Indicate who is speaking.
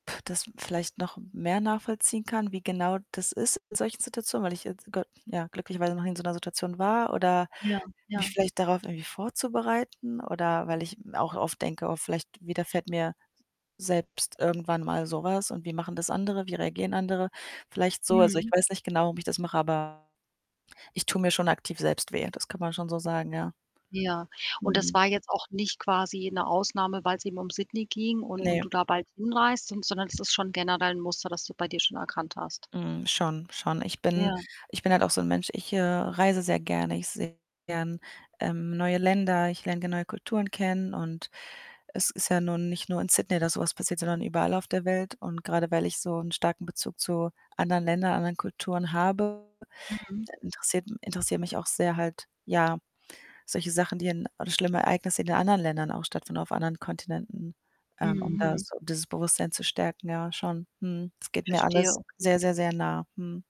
Speaker 1: das vielleicht noch mehr nachvollziehen kann, wie genau das ist in solchen Situationen, weil ich jetzt, g ja, glücklicherweise noch nie in so 'ner Situation war oder
Speaker 2: Ja,
Speaker 1: mich
Speaker 2: ja.
Speaker 1: vielleicht darauf irgendwie vorzubereiten oder weil ich auch oft denke: „Oh, vielleicht widerfährt mir selbst irgendwann mal so was und wie machen das andere? Wie reagieren andere?“ Vielleicht so. Also, ich
Speaker 2: Mhm.
Speaker 1: weiß nicht genau, wie ich das mache, aber ich tue mir schon aktiv selbst weh. Das kann man schon so sagen, ja.
Speaker 2: Ja, und das
Speaker 1: Mhm.
Speaker 2: war jetzt auch nicht quasi 'ne Ausnahme, weil's eben um Sydney ging und und
Speaker 1: Ne.
Speaker 2: du da bald hinreist, son sondern das ist schon generell 'n Muster, das du bei dir schon erkannt hast?
Speaker 1: Mhm, schon, schon. Ich bin
Speaker 2: Ja.
Speaker 1: ich bin halt auch so 'n Mensch, ich, äh, reise sehr gerne. Ich sehe gern, ähm, neue Länder, ich lerne gerne neue Kulturen kennen und es ist ja nun nicht nur in Sydney, dass so was passiert, sondern überall auf der Welt. Und grade weil ich so 'n starken Bezug zu anderen Ländern, anderen Kulturen habe,
Speaker 2: Mhm.
Speaker 1: da interessiert interessieren mich auch sehr halt, ja, solche Sachen, die in oder schlimme Ereignisse, die in anderen Ländern auch stattfinden, auf anderen Kontinenten, ähm, um da
Speaker 2: Mhm.
Speaker 1: so dieses Bewusstsein zu stärken. Ja, schon. Mhm. Es geht mir
Speaker 2: Verstehe,
Speaker 1: alles
Speaker 2: okay.
Speaker 1: sehr, sehr, sehr nah. Mhm.